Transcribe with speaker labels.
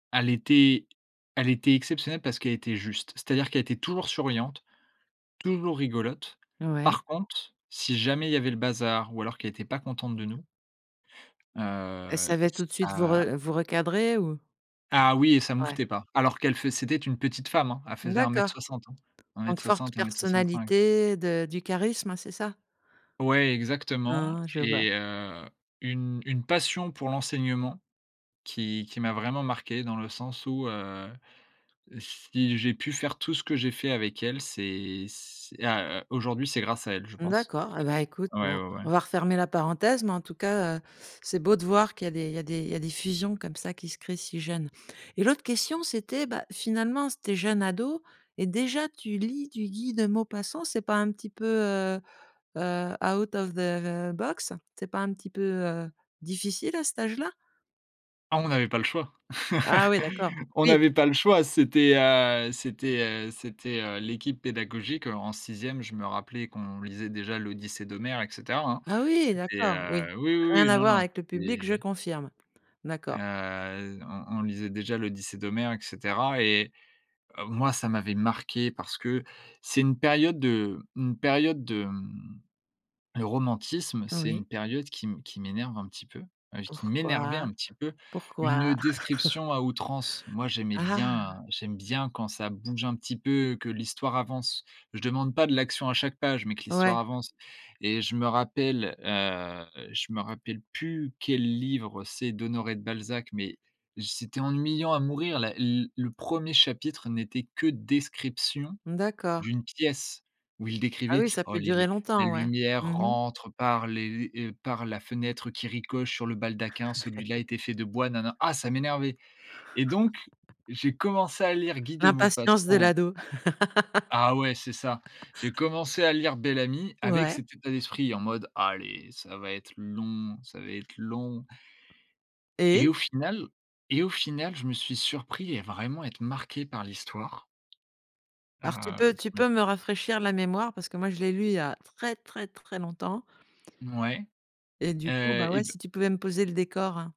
Speaker 1: Elle était elle était exceptionnelle parce qu'elle était juste. C'est-à-dire qu'elle était toujours souriante, toujours rigolote.
Speaker 2: Ouais.
Speaker 1: Par contre, si jamais il y avait le bazar, ou alors qu'elle était pas contente de nous
Speaker 2: Elle
Speaker 1: heu,
Speaker 2: savait tout de suite vous
Speaker 1: ça
Speaker 2: re vous recadrer ou?
Speaker 1: Ah oui et ça
Speaker 2: Ouais.
Speaker 1: mouftait pas. Alors qu'elle fai c'était une petite femme, hein, elle faisait un
Speaker 2: D'accord.
Speaker 1: mètre soixante hein. un mètre
Speaker 2: Donc forte
Speaker 1: soixante-un mètre soixante-cinq.
Speaker 2: personnalité de du charisme c'est ça?
Speaker 1: Ouais exactement
Speaker 2: Ah, je vois.
Speaker 1: et heu, une une passion pour l'enseignement, qui qui m'a vraiment marquée dans le sens où, heu, si j'ai pu faire tout ce que j'ai fait avec elle, c'est c'est a heu, aujourd'hui c'est grâce à elle je pense.
Speaker 2: D'accord et ben écoute
Speaker 1: Ouais,
Speaker 2: bon,
Speaker 1: ouais, ouais.
Speaker 2: on va refermer la parenthèse mais en tout cas, heu, c'est beau de voir qu'il y a des il y a des il y a des fusions comme ça qui se créent si jeune et l'autre question c'était, bah, finalement s tu es jeune ado et déjà tu lis du Guy de Maupassant, c'est pas un petit peu heu heu, out of the the box? C'est pas un petit peu, heu, difficile à cet âge-là?
Speaker 1: Ah on n'avait pas le choix.
Speaker 2: Ah oui d'accord,
Speaker 1: On
Speaker 2: oui.
Speaker 1: n'avait pas le choix c'était, heu, c'était, heu, c'était, heu, l'équipe pédagogique, heu, en 6e je me rappelais qu'on lisait déjà l'Odyssée d'Homère et cetera hein.
Speaker 2: Ah oui
Speaker 1: C'était,
Speaker 2: d'accord, oui.
Speaker 1: heu, oui, oui,
Speaker 2: Rien
Speaker 1: oui,
Speaker 2: à
Speaker 1: non,
Speaker 2: voir
Speaker 1: non
Speaker 2: avec le public, je
Speaker 1: et
Speaker 2: confirme. D'accord.
Speaker 1: heu, on on lisait déjà l'Odyssée d'Homère et cetera et heu, moi ça m'avait marqué. Parce que, c'est une période de une période de, mmh, le romantisme c'est
Speaker 2: Oui.
Speaker 1: une période qui m qui m'énerve un petit peu, heu, qui m'énervait
Speaker 2: Pourquoi?
Speaker 1: un petit peu,
Speaker 2: Pourquoi?
Speaker 1: une description à outrance. Moi j'aimais bien,
Speaker 2: Ah?
Speaker 1: heu, j'aime bien quand ça bouge un petit peu, que l'histoire avance. Je demande pas de l'action à chaque page mais que
Speaker 2: Ouais.
Speaker 1: l'histoire avance et je me rappelle, heu, je me rappelle plus, quel livre c'est d'Honoré de Balzac mais, c'était ennuyant à mourir la l le 1er chapitre n'était que description,
Speaker 2: D'accord.
Speaker 1: d'une pièce, où il
Speaker 2: Ah
Speaker 1: décrivait:
Speaker 2: oui ça
Speaker 1: «Oh
Speaker 2: peut
Speaker 1: les
Speaker 2: durer
Speaker 1: les la
Speaker 2: longtemps ouais.
Speaker 1: lumière
Speaker 2: Mmh mh.
Speaker 1: rentre par les les heu, par la fenêtre qui ricoche sur le baldaquin, celui-là était fait de bois» nana. Ah ça m'énervait et donc, j'ai commencé à lire Guy de
Speaker 2: L'impatience de
Speaker 1: Maupassant.
Speaker 2: l'ado.
Speaker 1: Ah ouais, c'est ça. J'ai commencé à lire Bel-Ami, avec
Speaker 2: Ouais.
Speaker 1: cet état d'esprit en mode: «Allez, ça va être long, ça va être long». Et
Speaker 2: Et?
Speaker 1: au final et au final je me suis surpris à vraiment être marqué par l'histoire, heu,
Speaker 2: Alors tu peux
Speaker 1: je
Speaker 2: tu
Speaker 1: me t
Speaker 2: peux me rafraîchir la mémoire parce que moi je l'ai lu il y a très, très, très longtemps?
Speaker 1: Ouais,
Speaker 2: Et du coup,
Speaker 1: heu
Speaker 2: bah,
Speaker 1: et
Speaker 2: ouais
Speaker 1: b
Speaker 2: si tu pouvais me poser le décor hein?